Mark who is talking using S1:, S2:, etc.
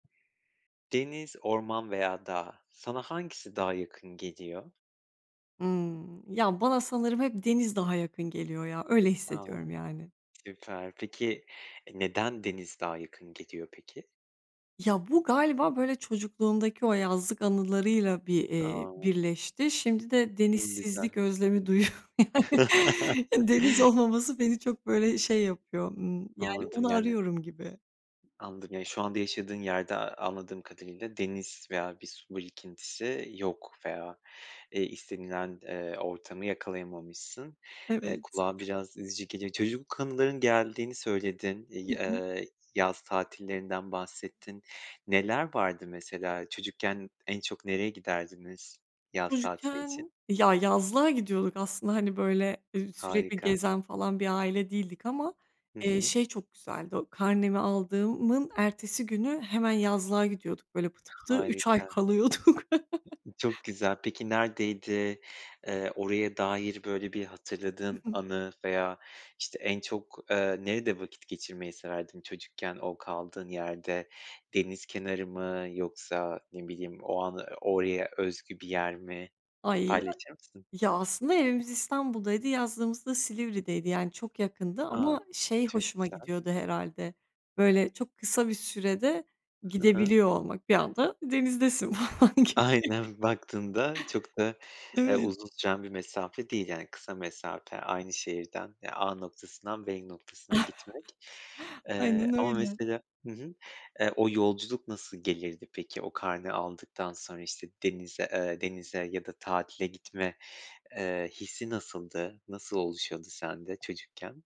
S1: Deniz, orman veya dağ, sana hangisi daha yakın geliyor?
S2: Hımm. Ya bana sanırım hep deniz daha yakın geliyor ya, öyle
S1: A!
S2: hissediyorum yani.
S1: Süper. Peki, neden deniz daha yakın geliyor peki?
S2: Ya bu galiba böyle çocukluğumdaki o yazlık anılarıyla bir, eee,
S1: A!
S2: birleşti. Şimdi de denizsizlik
S1: Güzel.
S2: özlemi duyuyorum. Deniz olmaması beni çok böyle şey yapıyor. Imm, yani
S1: Anladım,
S2: onu
S1: yani
S2: arıyorum gibi.
S1: Anladım. Yani şu anda yaşadığın yerde a-a anladığım kadarıyla deniz veya bir su birikintisi yok. Veya, eee, istenilen, ııı, ortamı yakalayamamışsın. Eee,
S2: Evet.
S1: kulağa biraz üzücü geliyor. Çocukluk anıların geldiğini söyledin,
S2: Hı
S1: i
S2: hı.
S1: ııı, yaz tatillerinden bahsettin. Neler vardı mesela? Çocukken en çok nereye giderdiniz yaz tatili için?
S2: Çocukken ya yazlığa gidiyorduk aslında hani böyle, ııı, sürekli
S1: Harika.
S2: gezen falan bir aile değildik. Ama,
S1: Hı
S2: eee,
S1: hı.
S2: şey çok güzeldi. O karnemi aldığımın ertesi günü hemen yazlığa gidiyorduk. Böyle, pıtı pıtı 3 ay
S1: Harika.
S2: kalıyorduk.
S1: Çok güzel. Peki neredeydi? Iıı, oraya dair böyle bir
S2: Hı
S1: hatırladığın
S2: hı.
S1: anı veya, işte, en çok, ııı, nerede vakit geçirmeyi severdin çocukken o kaldığın yerde? Deniz kenarı mı yoksa, ne bileyim, o anı, oraya özgü bir yer mi?
S2: Ay, a
S1: Paylaşır mısın?
S2: Ya, aslında evimiz İstanbul'daydı, yazlığımız da Silivri'deydi. Yani çok yakındı
S1: A,
S2: ama şey
S1: çok
S2: hoşuma
S1: güzel.
S2: gidiyordu herhâlde, böyle, çok kısa bir sürede
S1: Hı hı.
S2: gidebiliyor olmak, bir anda denizdesin falan gibi.
S1: Aynen, baktığında çok da, ııı,
S2: Evet.
S1: uzun süren bir mesafe değil. Yani, kısa mesafe aynı şehirden A noktasından B noktasına gitmek. Iıı,
S2: Aynen
S1: ama
S2: öyle.
S1: mesela Hı hı. Iıı, o yolculuk nasıl gelirdi peki? O karne aldıktan sonra işte denize, ııı, denize ya da tatile gitme, ııı, hissi nasıldı? Nasıl oluşuyordu sende çocukken?